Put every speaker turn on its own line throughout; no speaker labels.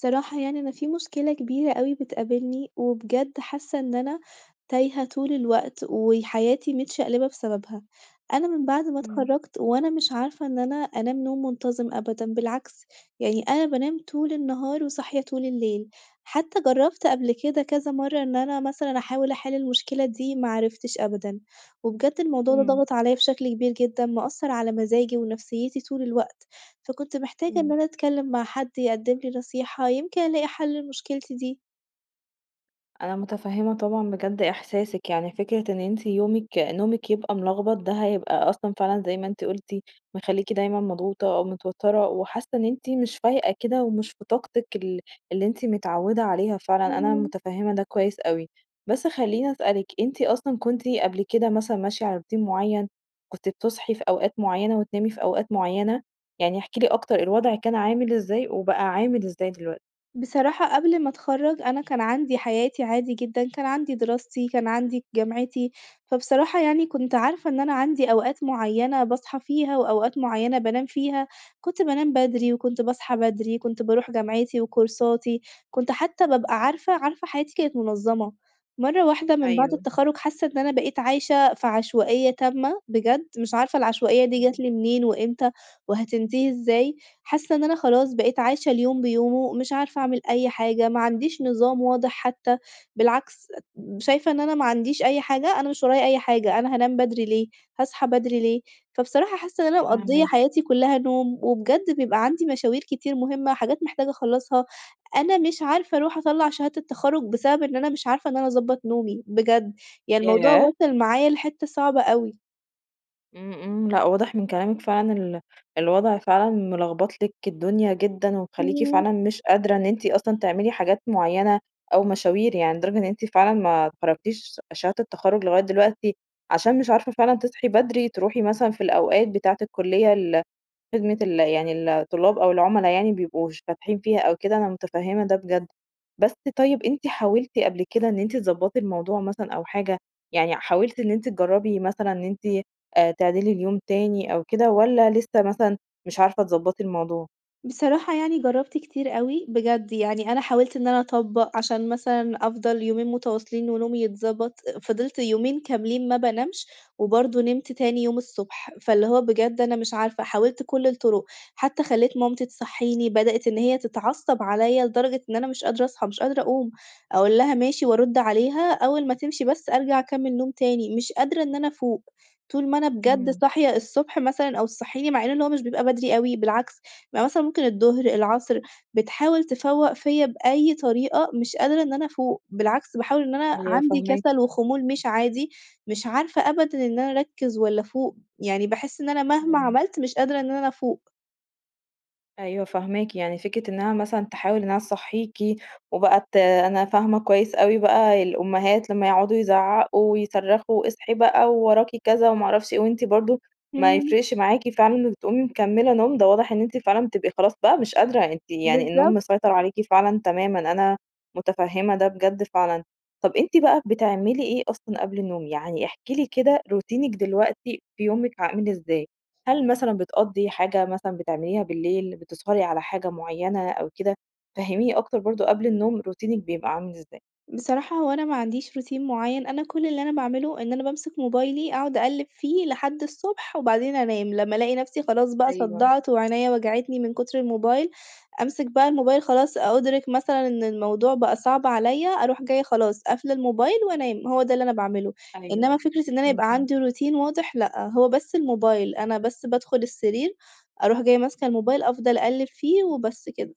صراحة يعني أنا في مشكلة كبيرة أوي بتقابلني وبجد حاسّة إن أنا تايهة طول الوقت وحياتي متشقلبة بسببها. أنا من بعد ما
إمم.
اتخرجت وأنا مش عارفة إن أنا أنام نوم منتظم أبدًا بالعكس؛ يعني أنا بانام طول النهار وصاحية طول الليل. حتّى جرّبت قبل كده كذا مرّة إن أنا مثلًا أحاول أحل المشكلة دي ما عرفتش أبدًا. وبجد الموضوع ده
إمم.
ضغط عليَّ بشكل كبير جدًا، مأثر على مزاجي ونفسيتي طول الوقت. فكنت محتاجة إن
إمم.
أنا أتكلّم مع حد يقدم لي نصيحة، يمكن ألاقي حل لمشكلتي دي.
أنا متفهمة طبعًا بجد إحساسِك، يعني فكرة إن أنتِ يومِك نومِك يبقى ملخبط ده هيبقى أصلًا فعلًا زي ما أنتِ قُلتِ مخلّيكِ دايمًا مضغوطة أو متوتّرة، وحاسّة إن أنتِ مش فايقة كده ومش بطاقتِك ال اللي أنتِ متعودة عليها فعلًا، أنا
إمم.
متفهمة ده كويّس أوي. بس خلّيني أسألِك، أنتِ أصلًا كنتِ قبل كده مثلًا ماشية على روتين معين، كنتِ بتصحي في أوقات معيّنة وتنامي في أوقات معيّنة؟ يعني احكي لي أكتر الوضع كان عامل إزاي، وبقى عامل إزاي دلوقتي؟
بصراحة قبل ما أتخرج، أنا كان عندي حياتي عادي جدًا، كان عندي دراستي كان عندي جامعتي. فبصراحة يعني كنت عارفة إن أنا عندي أوقات معيّنة باصحى فيها وأوقات معيّنة بانام فيها. كنت بانام بدري وكنت باصحى بدري، كنت باروح جامعتي وكورساتي كنت حتّى بابقى عارفة عارفة حياتي كانت منظمة. مرّة واحدة مِن بعد
أيوه.
التخرج حاسّة إن أنا بقيت عايشة في عشوائية تامة، بجد، مش عارفة العشوائية دي جات
إمم.
لي منين وإمتى وهتنتهي إزاي. حاسّة إن أنا خلاص بقيت عايشة اليوم بيومه، مش عارفة أعمل أي حاجة، ما عنديش نظام واضح حتّى، بالعكس شايفة إن أنا ما عنديش أي حاجة، أنا مش ورايا أي حاجة، أنا هانام بدري ليه، هاصحى بدري ليه؟ فبصراحة حاسّة إن أنا مقضية
فاهماكِ.
حياتي كلّها نوم، وبجد بيبقى عندي مشاوير كتير مهمّة، حاجات محتاجة أخلصها. أنا مش عارفة أرُوح أطلّع شهادة التخرج بسبب إن أنا مش عارفة إن أنا أضبط نومي، بجد، يعني الموضوع
ياه!
واصل معايا لحتة صعبة أوي.
إمم، إمم، لأ واضح من كلامك فعلًا ال الوضع فعلًا ملخبط لِك الدنيا جدًا، ومخلّيكِ
إمم.
فعلًا مش قادرة إن أنتِ أصلًا تعملي حاجات معينة أو مشاوير يعني، لدرجة إن أنتِ فعلًا ما خرّجتيش شهادة التخرُّج لغاية دلوقتي، عشان مش عارفة فعلًا تصحي بدري تروحي مثلًا في الأوقات بتاعة الكليّة ال خدمة ال يعني الطلاب أو العملا يعني بيبقوا ش فاتحين فيها أو كده أنا متفهمة ده بجد. بس طيب أنتِ حاولتِ قبل كده إن أنت تضبطي الموضوع مثلًا أو حاجة، يعني حاولتِ إن أنتِ تجربي مثلًا إن أنتِ آآ، تعدلي اليوم تاني أو كده والّا لسه مثلًا مش عارفة تضبطي الموضوع؟
بصراحة يعني جربت كتير أوي- بجد يعني- أنا حاولت إن أنا أطبّق، عشان مثلًا أفضل يومين متواصلين ونومي يتضبط، فضلت يومين كاملين ما بانامش وبرضو نمت تاني يوم الصبح. فاللي هو بجد أنا مش عارفة، حاولت كل الطرق، حتى خليت مامتي تصحيني، بدأت إن هي تتعصب عليَّ لدرجة إن أنا مش قادرة أصحى، مش قادرة أقوم، أقول لها: "ماشي." وأرد عليها، أوّل ما تمشي بس أرجع أكمّل نوم تاني، مش قادرة إن أنا أفوق، طول ما أنا بجد
إمم.
صاحية الصبح مثلًا أو تصحيني، مع إن هو مش بيبقى بدري أوي، بالعكس بيبقى مثلًا ممكن الظهر، العصر، بتحاول تفوق فيَّ بأي طريقة، مش قادرة إن أنا أفوق، بالعكس باحاول إن أنا
أيوه
عندي
فاهماكِ.
كسل وخمول مش عادي. مش عارفة أبدًا إن أنا أركّز والّا أفوق، يعني باحس إن أنا مهما
إمم.
عملت مش قادرة إن أنا أفوق.
أيوه فاهماكِ، يعني فكرة إنّها مثلًا تحاول إنّها تصَحّيكِ، وبقى ت أنا فاهمة كويّس أوي بقى، الأمهات لمّا يقعدوا يزعَّقوا، ويصرَّخوا، اصحي بقى، ووراكِ كذا وما اعرفش إيه، وأنتِ برضو ما
امم.
يفرقش معاكِ فعلًا، تقومي مكملة نوم، ده واضح إن أنتِ فعلًا، بتبقي خلاص بقى مش قادرة، أنتِ يعني، النوم
بالضبط.
مسيطرعليكِ فعلًا تمامًا، أنا متفهمة ده بجد فعلًا. طب أنتِ بقى، بتعملي إيه أصلًا قبل النوم؟ يعني احكي لي كده، روتينِك دلوقتي، في يومِك، عامل إزاي؟ هل مثلًا بتقَضِّي حاجة، مثلًا بتعمليها بالليل، بتسهري على حاجة معيّنة، أو كده، فهّميني أكتر برضو قبل النوم، روتينِك بيبقى عامل إزاي؟
بصراحة هو أنا ما عنديش روتين معيّن، أنا كل اللي أنا باعمله، إن أنا بامسك موبايلي، أقعد أقلب فيه، لحد الصبح، وبعدين أنام، لمّا ألاقي نفسي خلاص بقى
أيوه.
صدعت، وعينيا وجعتني مِن كتر الموبايل، أمسك بقى الموبايل خلاص، أ أُدرِك مثلًا إن الموضوع بقى صعب عليَّ، أروح جاية خلاص، قافلة الموبايل، وأنام، هو ده اللي أنا باعمله. إنّما
أيوه.
فكرة إن أنا
إمم،
يبقى
إمم.
عندي روتين واضح، لأ، هو بس الموبايل، أنا بس بادخل السرير، أروح جاية ماسكة الموبايل، أفضل أقلب فيه، وبس كده.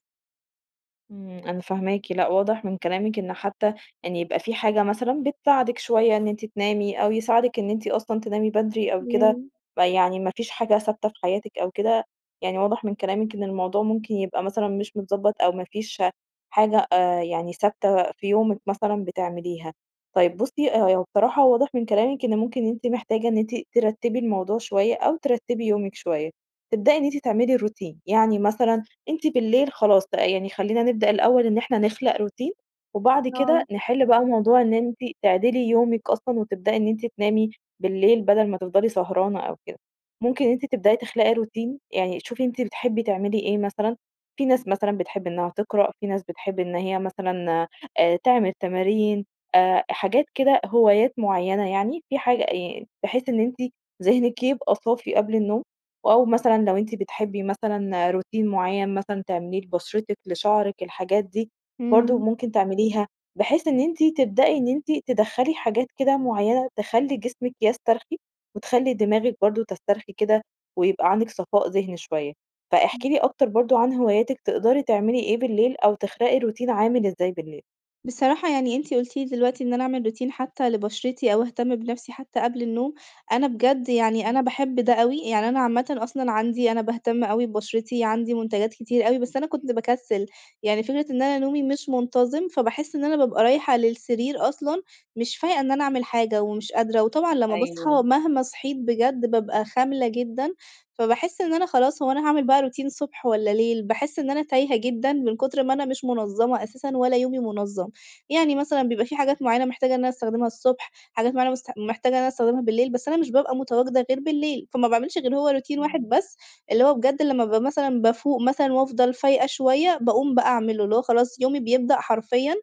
إمم، أنا فاهماكِ. لأ، واضح مِن كلامِك إن حتى يعني يبقى في حاجة مثلًا بتساعدك شوية إن أنتِ تنامي، أو يساعدك إن أنتِ أصلًا تنامي بدري أو كده،
إمم.
فيعني ما فيش حاجة ثابتة في حياتِك أو كده. يعني واضح من كلامِك إن الموضوع ممكن يبقى مثلًا مش متضبط أو ما فيش حاجة آآ يعني ثابتة في يومك مثلًا بتعمليها. طيب بُصي، ه هو بصراحة واضح من كلامك إن ممكن أنتِ محتاجة إن أنتِ ترتبي الموضوع شويّة أو ترتبي يومك شويّة. تبدئي إن أنتِ تعملي الروتين. يعني مثلًا، أنتِ بالليل خلاص بقى يعني خلينا نبدأ الأول إن إحنا نخلق روتين، وبعد
آه.
كده نحل بقى موضوع إن أنتِ تعدلي يومك أصلًا وتبدئي إن أنتِ تنامي بالليل بدل ما تفضلي سهرانة أو كده. ممكن إن أنتِ تبدئي تخلقي روتين، يعني شوفي أنتِ بتحبي تعملي إيه مثلًا، في ناس مثلًا بتحب إنها تقرأ، في ناس بتحب إن هي مثلًا آآ تعمل تمارين، آآ حاجات كده، هوايات معيّنة يعني في حاج يعني بحيث إن أنتِ ذهنك يبقي صافي قبل النوم أو مثلًا لو أنتِ بتحبي مثلًا روتين معيّن مثلًا تعمليه لبشرتِك، لشعرِك، الحاجات دي برضو
إمم.
ممكن تعمليها، بحيث إن أنتِ تبدئي إن أنتِ تدّخلي حاجات كده معيّنة تخلي جسمِك يسترخي وتخلي دماغِك برضو تسترخي كده، ويبقى عندك صفاء ذهني شويّة. فاحكي
امم.
لي أكتر برضو عن هواياتك، تقدري تعملي إيه بالليل أو تخلقي روتين عامل إزاي بالليل؟
بصراحة يعني أنتِ قلتِ لي دلوقتي إن أنا أعمل روتين حتى لبشرتي أو أهتم بنفسي حتى قبل النوم، أنا بجد يعني
إمم.
أنا باحب ده أوي. يعني أنا عامةً أصلًا عندي أنا باهتم أوي ببشرتي، عندي منتجات كتير أوي، بس أنا كنت باكسِّل. يعني فكرة إن أنا نومي مش منتظم، فباحس إن أنا بابقى رايحة للسرير أصلًا مش فايقة إن أنا أعمل حاجة ومش قادرة وطبعًا لما باصحى،
أيوه.
مهما صحيت بجد بابقى خاملة جدًا، فباحس إن أنا خلاص، هو أنا هاعمل بقى روتين صبح والّا ليل؟ باحس إن أنا تايهة جدًا، من كُتر ما أنا مش منظمة أساسًا ولا يومي منظم. يعني مثلًا، بيبقى في حاجات معيّنة محتاجة إن أنا أستخدمها الصبح، حاجات معيّنة مست محتاجة إن أنا استخدمها بالليل، بس أنا مش بابقى متواجدة غير بالليل، فما باعملش غير هو روتين واحد
إمم.
بس، اللي هو بجد لما بابقى مثلًا بافوق مثلًا وأفضل فايقة شويّة باقوم بقى أعمله، اللي هو خلاص يومي بيبدأ حرفيًا.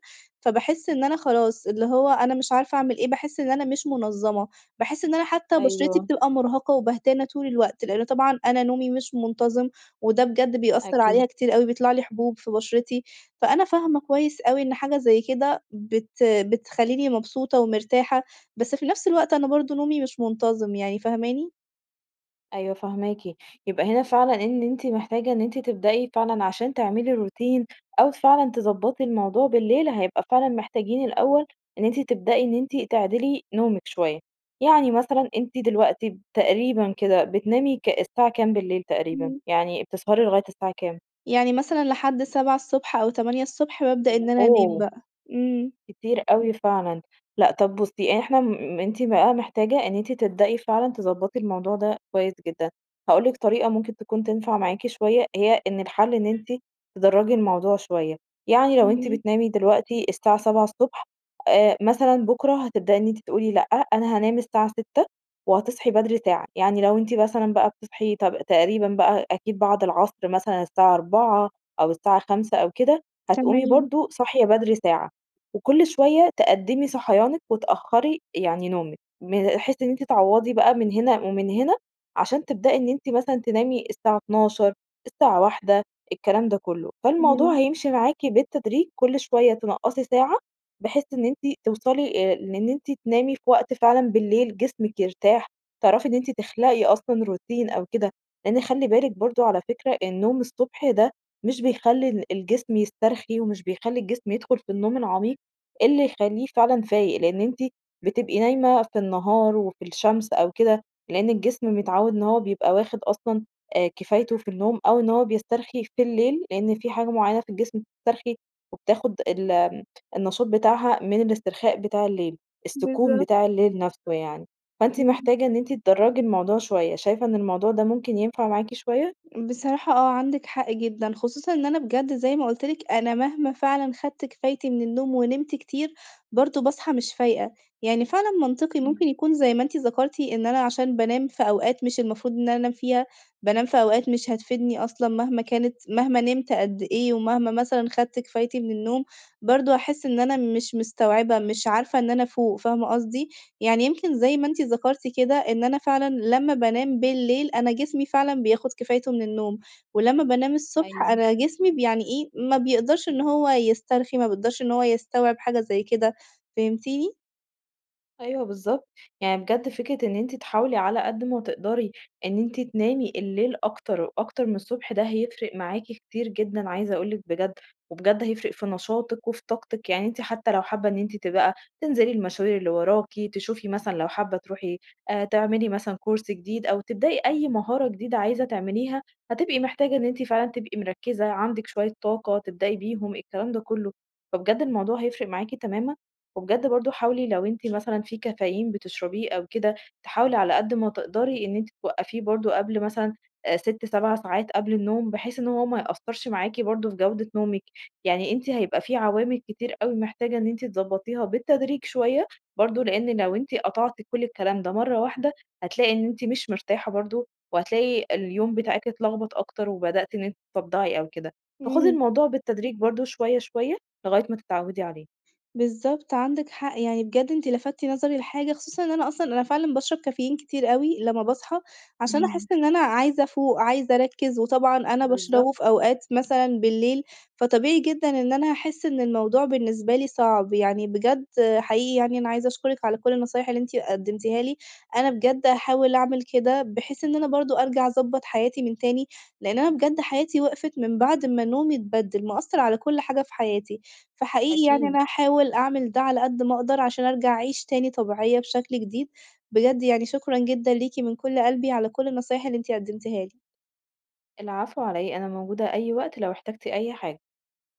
فباحس إن أنا خلاص، اللي هو أنا مش عارفة أعمل إيه؟ باحس إن أنا مش منظمة، باحس إن أنا حتى بشرتي
أيوه.
بتبقى مرهقة وبهتانة طول الوقت، لأنه طبعًا أنا نومي مش منتظم، وده بجد بيأثر عليها
أكيد.
كتير أوي، بيطلع لي حبوب في بشرتي. فأنا فاهمة كويس أوي إن حاجة زي كده بت بتخليني مبسوطة ومرتاحة، بس في نفس الوقت أنا برضو نومي مش منتظم يعني، فاهماني؟
أيوه فاهماكِ. يبقى هنا فعلًا إن أنتِ محتاجة إن أنتِ تبدئي فعلًا عشان تعملي روتين أو فعلًا تضبَّطي الموضوع بالليل، هيبقى فعلًا محتاجين الأول، إن أنتِ تبدئي إن أنتِ تعدِلي نومِك شويّة. يعني مثلًا، أنتِ دلوقتي تقريبًا كده بتنامي ك الساعة كام بالليل تقريبًا؟
إمم.
يعني بتسهري لغاية الساعة كام؟
يعني مثلًا لحد 7:00 الصبح أو 8:00 الصبح، بابدأ
و
إن أنا أنام
أُوه!
بقى. إمم.
كتير أوي فعلًا. لأ، طب بُصي إحنا مم أنتِ بقى محتاجة إن أنتِ تبدئي فعلًا تضَبَّطي الموضوع ده كويس جدًا. هاقول لك طريقة ممكن تكون تنفع معاكِ شوية، هي إن الحل إن أنتِ تدرجي الموضوع شوية؛ يعني لو أنتِ
إمم.
بتنامي دلوقتي الساعة 7:00 الصبح آآ، مثلًا بُكرة هتبدئي إن أنتِ تقولي، لأ أنا هانام الساعة 6:00 وهتصحي بدري ساعة. يعني، لو أنتِ مثلًا بقى بتصحي ت تقريبًا بقى أكيد بعد العصر مثلًا الساعة 16:00 أو الساعة 17:00 أو كده، هتقومي
تمام.
برضو صاحية بدري ساعة. وكل شوية تقدمي صحيانك وتأخري يعني نومِك، م بحيث إن أنتِ تعوضي بقى مِن هنا ومِن هنا، عشان تبدئي إن أنتِ مثلًا تنامي الساعة 00:00، الساعة 1:00، الكلام ده كله. فالموضوع
امم.
هيمشي معاكِ بالتدريج كل شوية تنقَّصي ساعة، بحيث إن أنتِ توصلي آآ، لإن أنتِ تنامي في وقت فعلًا بالليل جسمك يرتاح، تعرفي إن أنتِ تخلقي أصلًا روتين أو كده. لأن خلي بالك برضو- على فكرة- النوم الصبح ده، مش بيخلي ال الجسم يسترخي ومش بيخلي الجسم يدخل في النوم العميق، اللي يخليه فعلًا فايق. لأن أنتِ بتبقي نايمة في النهار وفي الشمس أو كده، لأن الجسم متعود إن هو بيبقى واخد أصلًا آآ، كفايته في النوم أو إن هو بيسترخي في الليل، لأن في حاجة معينة في الجسم بتسترخي وبتاخد ال النشاط بتاعها من الاسترخاء بتاع الليل، السكون
بالضبط.
بتاع الليل نفسه يعني. فأنتِ
امم.
محتاجة إن أنتِ تدَرَّجي الموضوع شوية. شايفة إن الموضوع ده ممكن ينفع معاكِ شوية؟
بصراحة آه، عندِك حق جدًا. خصوصًا إن أنا بجد- زي ما قلت لِك- أنا مهما فعلًا أخدت كفايتي مِن النوم ونمت كتير، برضه باصحى مش فايقة. يعني فعلًا منطقي ممكن
إمم.
يكون- زي ما أنتِ ذكرتِ- إن أنا عشان بانام في أوقات مش المفروض إن أنا أنام فيها، بانام في أوقات مش هتفيدني أصلًا مهما كانت، مهما نمت قد إيه ومهما مثلًا أخدت كفايتي مِن النوم، برضه هاحس إن أنا مش مستوعبة، مش عارفة إن أنا أفوق، فاهمة قصدي؟ يعني يمكن- زي ما أنت ذكرتِ كده- إن أنا فعلًا لما بانام بالليل، أنا جسمي فعلًا بياخد كفايته مِن النوم، ولما بانام الصبح،
أيوه.
أنا جسمي ب يعني إيه ما بيقدرش إن هوّ يسترخي، ما بيقدرش إن هو يستوعب حاجة زي كده، فهمتيني؟
أيوه بالضبط، يعني بجد فكرة إنّ أنتِ تحاولي على قَدّ ما تقدري، إنّ أنتِ تنامي الليل أكتر أكتر من الصبح، ده هيفرق معاكِ كتير جدًا عايزة أقول لِك بجد، وبجد هيفرق في نشاطِك وفي طاقتِك، يعني أنتِ حتّى لو حابَّة إنّ أنتِ ت بقى تنزلي المشاوير اللي وراكِ، تشوفي مثلًا لو حابَّة تروحي، آآ، تعملي مثلًا course جديد أو تبدئي أيّ مهارة جديدة عايزة تعمليها، هتبقي محتاجة إنّ أنتِ فعلًا تبقي مركزة، عندِك شوية طاقة تبدئي بيهم، الكلام ده كله. فبجد الموضوع هيفرق معاكِ تمامًا، وبجد برضه حاولي لو أنتِ مثلًا في كافيين بتشربيه أو كده، تحاولي على قَدّ ما تقدري إنّ أنتِ توقّفيه برضه قبل مثلًا، آآ 6، 7 ساعات قبل النوم، بحيث إنّ هو ما يأثرش معاكِ برضه في جودة نومِك. يعني أنتِ هيبقى في عوامل كتير أوي محتاجة إنّ أنتِ تضبطيها بالتدريج شويَّة، برضه لإنّ لو أنتِ قطعتِ كل الكلام ده مَرَّة واحدة، هتلاقي إنّ أنتِ مش مرتاحة برضه، وهتلاقي اليوم بتاعِك اتلخبط أكتر، وبدأتِ إنّ أنتِ تصَدَّعي أو كده. فَخُدي
إمم.
الموضوع بالتدريج برضه شوَيَّة شوَيَّة، لغاية ما تتعودي عليه.
بالضبط، عندِك حق، يعني بجد أنتِ لَفَتِّ نظري لحاجة، خصوصًا إنّ أنا أصلًا أنا فعلًا باشرب كافيين كتير أوي لمّا باصحى، عشان
إمم.
أحسّ إنّ أنا عايزة أفوق، عايزة أرَكِّز، وطبعًا أنا
بالضبط.
باشربه في أوقات مثلًا بالليل، فطبيعي جدًا إنّ أنا هاحسّ إنّ الموضوع بالنسبة لي صعب. يعني بجد حقيقي يعني أنا عايزة أشكرِك على كل النصايح اللي أنتِ قدمتيها لي. أنا بجد هاحاول أعمل كده، بحيث إنّ أنا برضه أرجع أضبط حياتي من تاني، لإنّ أنا بجد حياتي وقفت من بعد ما نومي اتبَدِّل، مأثر على كل حاجة في حياتي، فحقيقي يعني أنا
أكيد.
هاحاول أعمل ده على قَدّ ما أقدر، عشان أرجع أعيش تاني طبيعية بشكل جديد، بجد يعني شكرًا جدًا ليكِ من كل قلبي على كل النصايح اللي أنتِ قدمتيها لي.
العفو، علي إيه؟ أنا موجودة أيّ وقت لو احتجتِ أيّ حاجة.